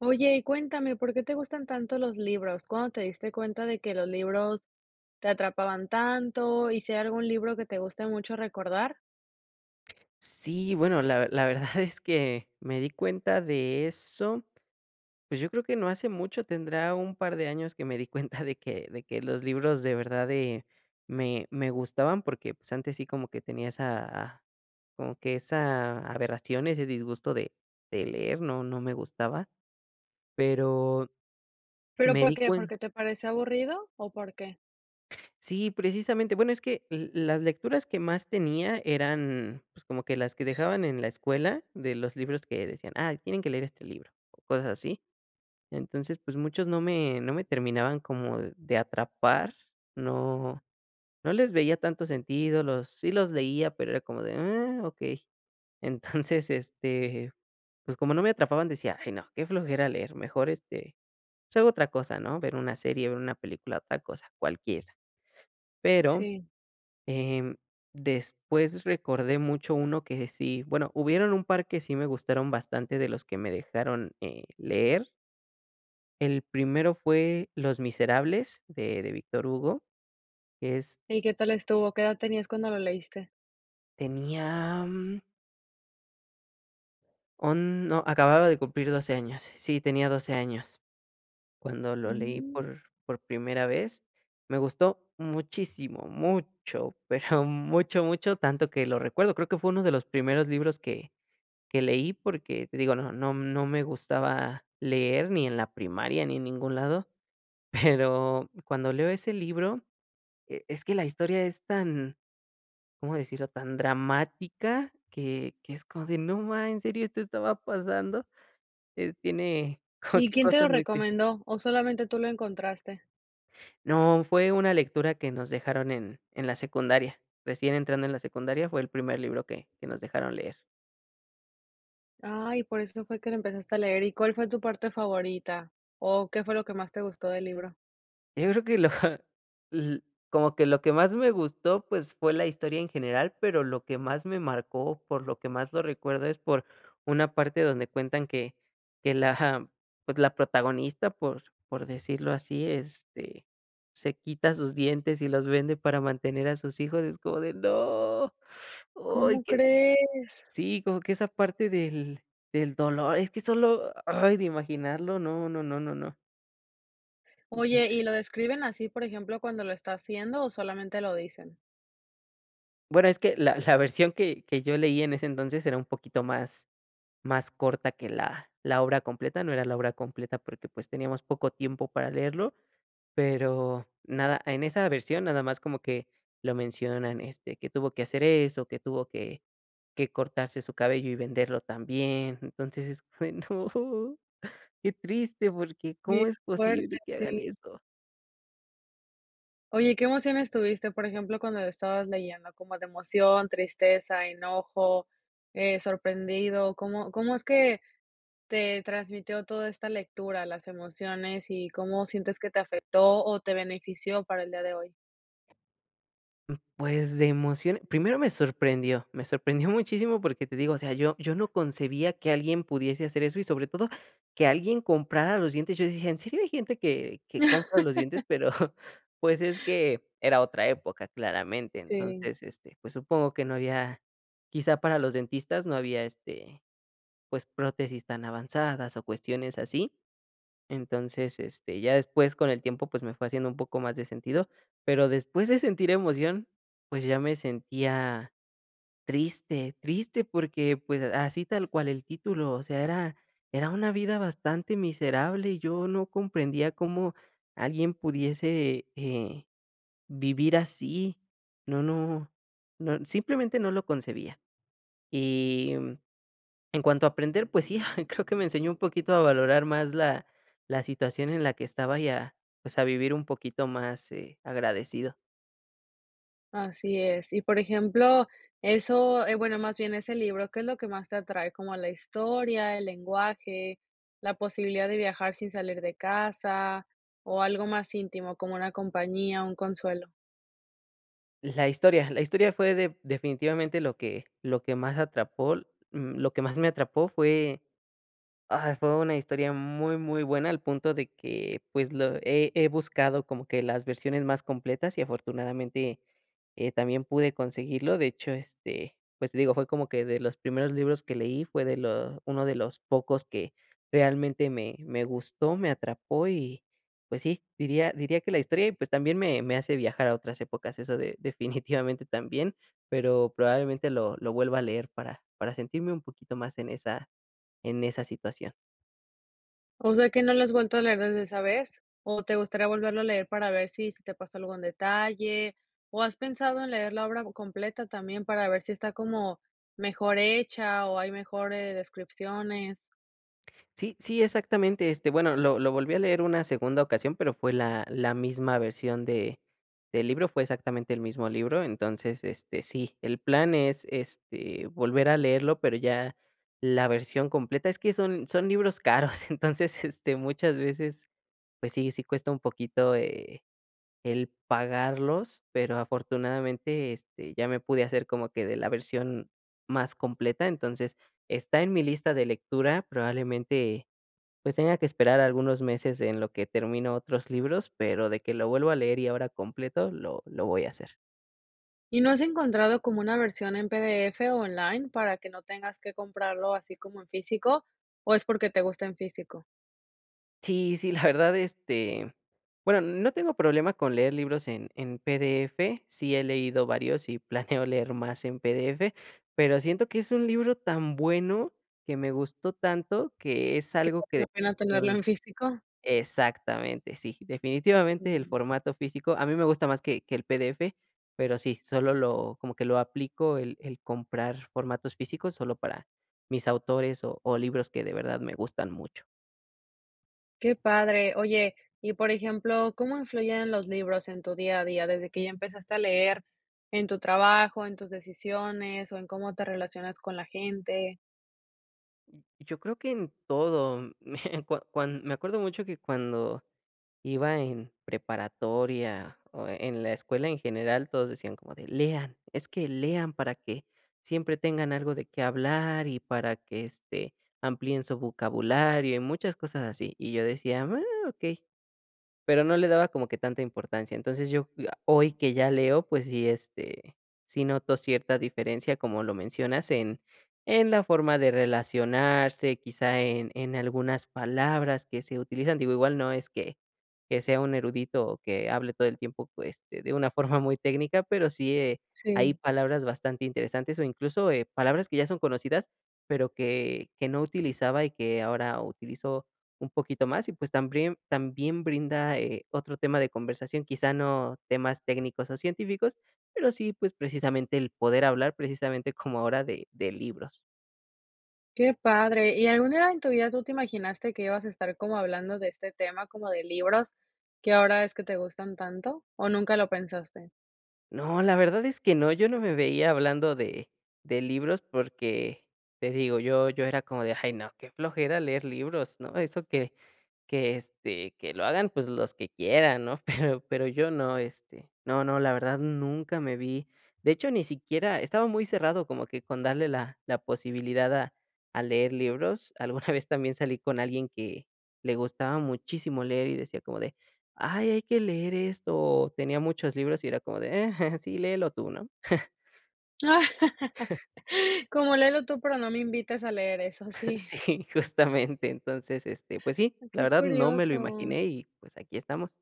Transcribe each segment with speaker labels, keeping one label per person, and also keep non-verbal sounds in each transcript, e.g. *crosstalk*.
Speaker 1: Oye, cuéntame, ¿por qué te gustan tanto los libros? ¿Cuándo te diste cuenta de que los libros te atrapaban tanto y si hay algún libro que te guste mucho recordar?
Speaker 2: Sí, bueno, la ver la verdad es que me di cuenta de eso, pues yo creo que no hace mucho, tendrá un par de años que me di cuenta de que de que los libros de verdad de, me me gustaban porque, pues, antes sí como que tenía esa como que esa aberración, ese disgusto de de leer, no no me gustaba. Pero,
Speaker 1: Pero,
Speaker 2: me
Speaker 1: ¿por
Speaker 2: di
Speaker 1: qué?
Speaker 2: cuen
Speaker 1: ¿Porque te parece aburrido o por qué?
Speaker 2: Sí, precisamente, bueno es que l las lecturas que más tenía eran pues como que las que dejaban en la escuela de los libros que decían: "Ay tienen que leer este libro," o cosas así. Entonces, pues muchos no me no me terminaban como de atrapar, no no les veía tanto sentido, los sí los leía, pero era como de: "Ah, okey". Entonces, este, pues como no me atrapaban decía: "Je no, qué flojera leer, mejor, este, pues hago otra cosa," ¿no? Ver una serie, ver una película, otra cosa, cualquiera. Pero,
Speaker 1: Sí.
Speaker 2: em, después recordé mucho uno que sí, bueno, hubieron un par que sí me gustaron bastante de los que me dejaron, eh, leer. El primero fue Los Miserables de de Víctor Hugo, es
Speaker 1: ¿Y qué tal estuvo? ¿Qué edad tenías cuando lo leíste?
Speaker 2: Tenía mm on no, acababa de cumplir 12 años, sí, tenía 12 años, cuando lo leí
Speaker 1: Mm.
Speaker 2: por por primera vez, me gustó muchísimo, mucho, pero mucho, mucho, tanto que lo recuerdo, creo que fue 1 de los primeros libros que que leí porque, te digo, no no no me gustaba leer ni en la primaria ni en ningún lado, pero cuando leo ese libro, e es que la historia es tan, ¿cómo decirlo?, tan dramática que que es como de: "No ma ¿en serio, esto estaba pasando?", eh, tiene como
Speaker 1: ¿Y
Speaker 2: que
Speaker 1: quién te lo
Speaker 2: cosas muy tris
Speaker 1: recomendó o solamente tú lo encontraste?
Speaker 2: No, fue una lectura que nos dejaron en en la secundaria, recién entrando en la secundaria fue el primer libro que que nos dejaron leer.
Speaker 1: Ay, por eso fue que lo empezaste a leer, ¿y cuál fue tu parte favorita? O, ¿qué fue lo que más te gustó del libro?
Speaker 2: Eh yo creo que lo. *chuckles* L como que lo que más me gustó, pues, fue la historia en general, pero lo que más me marcó, por lo que más lo recuerdo, es por una parte donde cuentan que que la ja pues, la protagonista, por por decirlo así, este, se quita sus dientes y los vende para mantener a sus hijos, es como de: "¡no!". Ay,
Speaker 1: ¿Cómo
Speaker 2: que
Speaker 1: crees?
Speaker 2: sí, como que esa parte del del dolor, es que solo, ay, de imaginarlo, no, no, no, no, no.
Speaker 1: Oye,
Speaker 2: Entonces
Speaker 1: ¿y lo describen así por ejemplo cuando lo está haciendo, o solamente lo dicen?
Speaker 2: Bueno es que la la versión que que yo leí en ese entonces era un poquito más más corta que la la obra completa, no era la obra completa porque pues teníamos poco tiempo para leerlo, pero, nada, en esa versión nada más como que lo mencionan, este, que tuvo que hacer eso, que tuvo que que cortarse su cabello y venderlo también. Entonces, es bueno, ¡qué triste! porque,
Speaker 1: Bien
Speaker 2: ¿Cómo es
Speaker 1: fuerte,
Speaker 2: posible que hagan
Speaker 1: sí.
Speaker 2: eso?
Speaker 1: Oye, ¿qué emociones tuviste? Por ejemplo, cuando la estabas leyendo como de emoción, tristeza, enojo, eh, sorprendido, ¿cómo cómo es que te transmitió toda esta lectura, las emociones y cómo sientes que te afectó o te benefició para el día de hoy?
Speaker 2: Mm, pues de emoción, primero me sorprendió, me sorprendió muchísimo, porque, te digo o sea yo yo no concebía que alguien pudiese hacer eso y sobre todo que alguien comprara los dientes. Yo dije: "¿En serio hay gente que que compra los dientes?"
Speaker 1: *laughs*
Speaker 2: Pero, *laughs* pues, es que era otra época claramente.
Speaker 1: Sí.
Speaker 2: Entonces, este, pues, supongo que no había quizá para los dentistas, no había, este, pues prótesis tan avanzadas o cuestiones así, entonces, este, ya después con el tiempo pues me fue haciendo un poco más de sentido, pero después de sentir emoción, pues ya me sentía triste, triste porque pues así tal cual el título, o sea, era era una vida bastante miserable y yo no comprendía cómo alguien pudiese, eh, vivir así. No no no simplemente no lo concebía. Y, mm, en cuanto a aprender, pues sí, ah, creo que me enseñó un poquito a valorar más la la situación en la que estaba, y, a pues a vivir un poquito más, eh, agradecido.
Speaker 1: Así es, y por ejemplo eso eh, bueno, más bien ese libro, ¿qué es lo que más te atrae? ¿Como la historia, el lenguaje, la posibilidad de viajar sin salir de casa, o algo más íntimo, como una compañía, un consuelo?
Speaker 2: La historia, la historia fue de definitivamente lo que lo que más atrapol mm, lo que más me atrapó fue, ah, fue una historia muy muy buena al punto de que, pues, lo he he buscado, como que las versiones más completas y afortunadamente, eh, también pude conseguirlo. De hecho, este, pues, digo, fue como que de los primeros libros que leí, fue de lo uno de los pocos que realmente me me gustó, me atrapó y, pues sí, diría diría que la historia, y pues, también me me hace viajar a otras épocas, eso de definitivamente también, pero probablemente lo lo vuelva a leer para para sentirme un poquito más en esa en esa situación.
Speaker 1: O sea, que, ¿no lo has vuelto a leer desde esa vez, o te gustaría volverlo a leer, para ver si se te pasó algún detalle? O, ¿has pensado en leer la obra completa, también para ver si está como mejor hecha, o hay mejores descripciones?
Speaker 2: Sí sí, exactamente, este, bueno, lo lo volví a leer una segunda ocasión, pero, fue la la misma versión de del libro, fue exactamente el mismo libro. Entonces, este, sí, el plan es, este, volver a leerlo, pero ya la versión completa. Es que son son libros caros, entonces, este, muchas veces, pues sí, sí cuesta un poquito, eh, el pagarlos, pero, afortunadamente, este, ya me pude hacer como que de la versión más completa. Entonces, está en mi lista de lectura, probablemente, pues, tenga que esperar algunos meses en lo que termino otros libros, pero de que lo vuelvo a leer y ahora completo lo lo voy a hacer.
Speaker 1: ¿Y no has encontrado como una versión en PDF o online, para que no tengas que comprarlo así como en físico, o es porque te gusta en físico?
Speaker 2: Sí, sí, la verdad, este, bueno, no tengo problema con leer libros en en PDF. Sí he leído varios, y planeo leer más en PDF, pero siento que es un libro tan bueno que me gustó tanto, que es
Speaker 1: Que
Speaker 2: algo
Speaker 1: vale
Speaker 2: que
Speaker 1: la pena, tenerlo
Speaker 2: *unintelligible*
Speaker 1: en físico.
Speaker 2: Exactamente, sí, definitivamente, el
Speaker 1: Sí.
Speaker 2: formato físico a mí me gusta más que que el PDF, pero sí, solo lo como que lo aplico el el comprar formatos físicos solo para mis autores o o libros que de verdad me gustan mucho.
Speaker 1: Qué padre. Oye, y por ejemplo, ¿cómo influyen los libros en tu día a día desde que ya empezaste a leer en tu trabajo, en tus decisiones o en cómo te relacionas con la gente?
Speaker 2: Mm. Yo creo que en todo, me cua cuan me acuerdo mucho que cuando iba en preparatoria o e en la escuela en general, todos decían como de: "Lean, es que lean para que siempre tengan algo de qué hablar y para que, este, amplíen su vocabulario", y muchas cosas así, y yo decía: "Oh, okey", pero no le daba como que tanta importancia. Entonces, yo, ah, hoy que ya leo, pues sí, este, sí noto cierta diferencia, como lo mencionas, en en la forma de relacionarse, quizá en en algunas palabras que se utilizan. Digo, igual no es que que sea un erudito o que hable todo el tiempo pues de de una forma muy técnica, pero sí, eh, hay
Speaker 1: Sí.
Speaker 2: palabras bastante interesantes o incluso, eh, palabras que ya son conocidas, pero que que no utilizaba y que ahora utilizo un poquito más, y pues también también brinda, eh, otro tema de conversación, quizá no temas técnicos o científicos, pero sí, pues, precisamente el poder hablar, precisamente, como ahora de de libros.
Speaker 1: Qué padre, ¿y algún día en tu vida tú te imaginaste, que ibas a estar como hablando de este tema, como de libros, que ahora ves, que te gustan tanto, o nunca lo pensaste?
Speaker 2: No, la verdad es que no, yo no me veía hablando de de libros, porque, te digo, yo yo era como de: "Ay no, qué flojera leer libros", ¿no? Eso que que, este, que lo hagan pues los que quieran, ¿no? Pero pero yo no, este. No, no, la verdad nunca me vi de hecho, ni siquiera estaba muy cerrado como que con darle la la posibilidad a a leer libros. Alguna vez, también salí con alguien, que le gustaba muchísimo leer y decía como de: "Ay, hay que leer esto", o tenía muchos libros y era como de: "Eh, sí léelo tú", ¿no?
Speaker 1: *laughs*
Speaker 2: *laughs*
Speaker 1: Como: "Léelo tú, pero no me invites a leer eso", sí.
Speaker 2: Sí, justamente, entonces, este, pues sí, la
Speaker 1: Qué
Speaker 2: verdad no me lo
Speaker 1: curioso.
Speaker 2: imaginé, y pues, aquí estamos.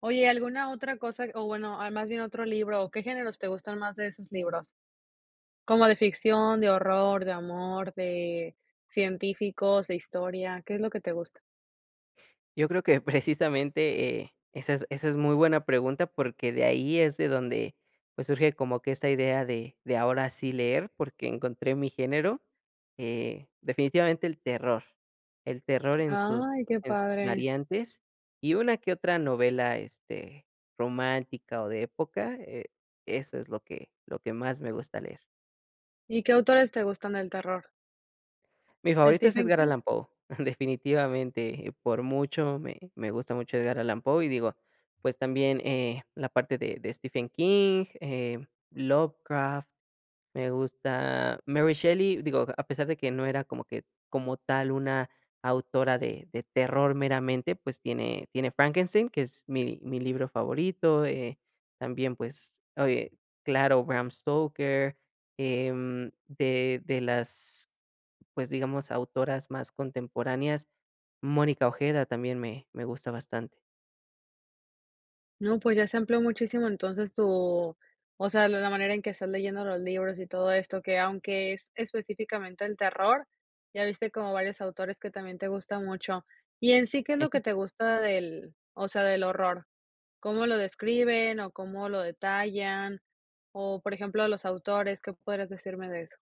Speaker 1: Oye, ¿alguna otra cosa? O bueno, más bien otro libro, ¿o qué géneros, te gustan más, de esos libros? ¿Como de ficción, de horror, de amor, de científicos, de historia? ¿Qué es lo que te gusta?
Speaker 2: Yo creo que precisamente, eh, esa es esa es muy buena pregunta, porque, de ahí es de donde pues, surge como que esta idea de de ahora sí leer, porque encontré mi género, eh, definitivamente el terror, el terror en sus
Speaker 1: Ay, qué
Speaker 2: en sus
Speaker 1: padre.
Speaker 2: variantes y una que otra novela, este, romántica o de época, eh, eso es lo que lo que más me gusta leer.
Speaker 1: ¿Y qué autores te gustan del terror?
Speaker 2: Mi favorito es
Speaker 1: ¿Stephen
Speaker 2: Edgar
Speaker 1: King?
Speaker 2: Allan Poe, definitivamente, eh, por mucho me me gusta mucho Edgar Allan Poe, y digo, pues, también, eh, la parte de de Stephen King, eh, Lovecraft, me gusta Mary Shelley, digo, a pesar de que no era como que, como tal, una autora de de terror meramente, pues, tiene tiene Frankenstein, que es mi mi libro favorito, eh, también, pues, oye, claro, Bram Stoker, em, de de las, pues, digamos, autoras más contemporáneas, Mónica Ojeda, también me me gusta bastante.
Speaker 1: No, pues ya se amplió muchísimo entonces tu, o sea, la la manera en que estás leyendo los libros y todo esto, que aunque es específicamente el terror, ya viste como varios autores que también te gustan mucho, ¿y en sí qué es lo que te gusta del o sea, del horror? ¿Cómo lo describen, o cómo lo detallan, o por ejemplo los autores? ¿Qué podrías decirme de eso?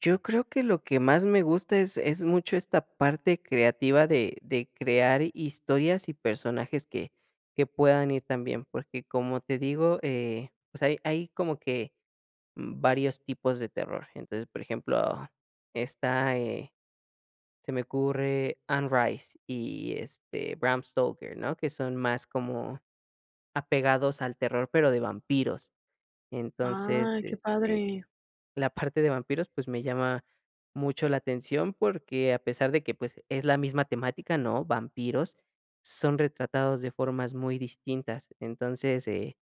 Speaker 2: Yo creo que lo que más me gusta es es mucho esta parte creativa de de crear hi historias y personajes que que puedan ir también, porque como te digo, eh, pues hay hay como que, mm, varios tipos de terror, entonces, por ejemplo, está eh, se me ocurre Onrise y, este, Bram Stoker, ¿no? que son más como apegados al terror, pero de vampiros. Entonces,
Speaker 1: Ay, qué
Speaker 2: este,
Speaker 1: padre.
Speaker 2: la parte de vampiros, pues, me llama mucho la atención, porque a pesar de que, pues, es la misma temática, ¿no? Vampiros, son retratados de formas muy distintas, entonces, eh,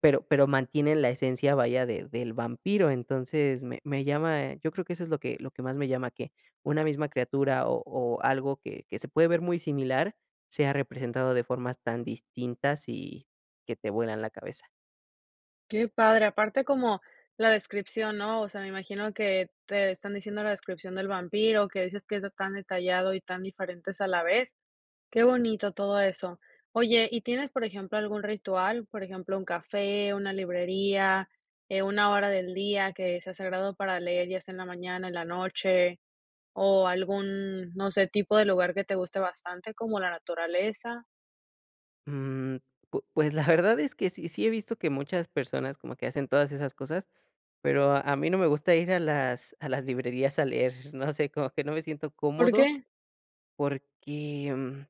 Speaker 2: pero pero mantienen la esencia, vaya, de del vampiro, entonces me me llama yo creo que eso es lo que lo que más me llama, que una misma criatura, o o algo que que se puede ver muy similar sea representado de formas tan distintas, y que te vuelan la cabeza.
Speaker 1: Qué padre, aparte como la descripción, ¿no? O sea, me imagino que te están diciendo la descripción del vampiro, que dices que es de tan detallado, y tan diferentes a la vez, qué bonito todo eso. Oye y, ¿tienes, por ejemplo, algún ritual, por ejemplo, un café, una librería, eh, una hora del día que sea sagrado para leer, ya sea en la mañana, en la noche, o algún, no sé, tipo de lugar que te guste bastante, como la naturaleza?
Speaker 2: Mm, pu pues, la verdad es que sí, sí he visto que muchas personas como que hacen todas esas cosas, pero a mí no me gusta ir a las a las librerías a leer, no sé, como que no me siento
Speaker 1: ¿Por
Speaker 2: cómodo,
Speaker 1: qué?
Speaker 2: porque, mm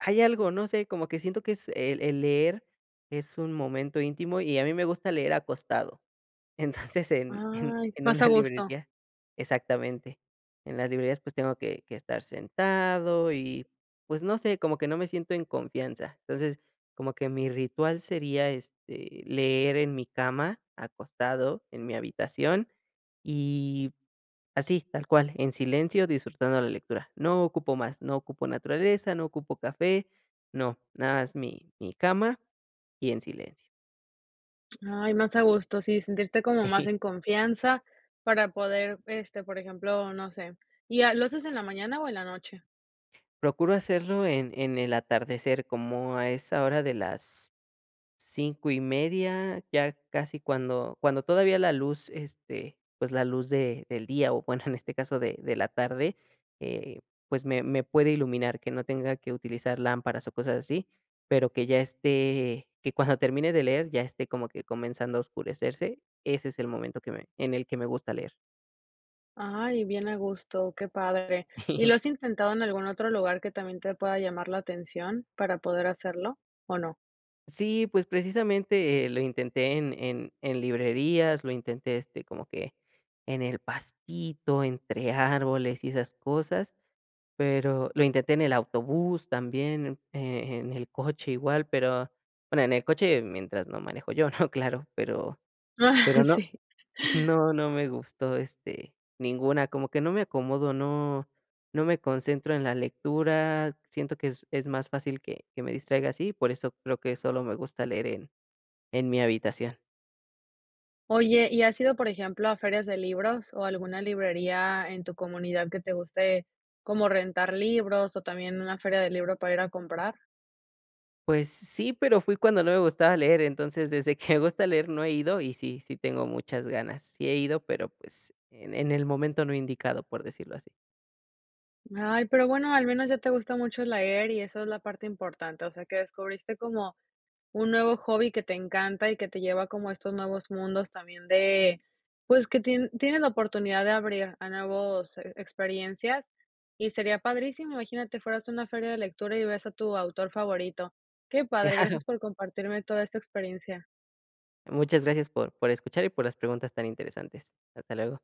Speaker 2: ay algo, no sé, como que siento que es el el leer es un momento íntimo, y a mí me gusta leer acostado. Entonces, en en
Speaker 1: Ay,
Speaker 2: en
Speaker 1: más
Speaker 2: una
Speaker 1: a gusto.
Speaker 2: librería exactamente, en las librerías, pues, tengo que que estar sentado y, pues, no sé, como que no me siento en confianza, entonces, como que mi ritual sería, este, leer en mi cama, acostado, en mi habitación y así, tal cual, en silencio, disfrutando la lectura, no ocupo más. No ocupo naturaleza, no ocupo café, no, nada más mi mi cama, y en silencio.
Speaker 1: Ay, más a gusto, sí, sentirte como más
Speaker 2: Sí.
Speaker 1: en confianza para poder, este, por ejemplo, no sé, ¿y a lo haces en la mañana, o en la noche?
Speaker 2: Procuro hacerlo en en el atardecer como a esa hora de las 5 y media ya casi cuando cuando todavía la luz, este, pues la luz de del día o bueno en este caso de de la tarde, eh pues me me puede iluminar que no tenga que utilizar lámparas o cosas así, pero que ya esté que cuando termine de leer ya esté como que comenzando a oscurecerse, ese es el momento que me en el que me gusta leer.
Speaker 1: Ay, bien a gusto, qué padre, ¿y lo
Speaker 2: *giggles*
Speaker 1: has intentado en algún otro lugar que también te pueda llamar la atención para poder hacerlo o no?
Speaker 2: Sí, pues precisamente, eh, lo intenté en en en librerías, lo intenté, este, como que en el pastito, entre árboles y esas cosas, pero lo intenté en el autobús también, eh, eh, en el coche igual, pero bueno, en el coche mientras no manejo yo, ¿no?, claro, pero pero
Speaker 1: *chuckles*
Speaker 2: no
Speaker 1: Sí.
Speaker 2: *chuckles* no, no me gustó, este, ninguna, como que no me acomodo, no no me concentro en la lectura, siento que es es más fácil que que me distraiga así, por eso creo que solo me gusta leer en en mi habitación.
Speaker 1: Oye, ¿y has ido, por ejemplo, a ferias de libros o alguna librería en tu comunidad que te guste como rentar libros o también una feria del libro para ir a comprar?
Speaker 2: Pues sí, pero fui cuando no me gustaba leer, entonces, desde que me gusta leer no he ido, y sí, sí tengo muchas ganas, sí he ido, pero, pues, en en el momento no he indicado, por decirlo así.
Speaker 1: Ay, pero bueno al menos ya te gusta mucho leer y eso es la parte importante, o sea que descubriste como, un nuevo hobby que te encanta y que te lleva como a estos nuevos mundos también de, pues que tie tienes la oportunidad de abrir a nuevos e experiencias y sería padrísimo, imagínate fueras a una feria de lectura y ves a tu autor favorito, qué padre, gracias
Speaker 2: Claro.
Speaker 1: por compartirme toda esta experiencia.
Speaker 2: Muchas gracias por por escuchar y por las preguntas tan interesantes, hasta luego.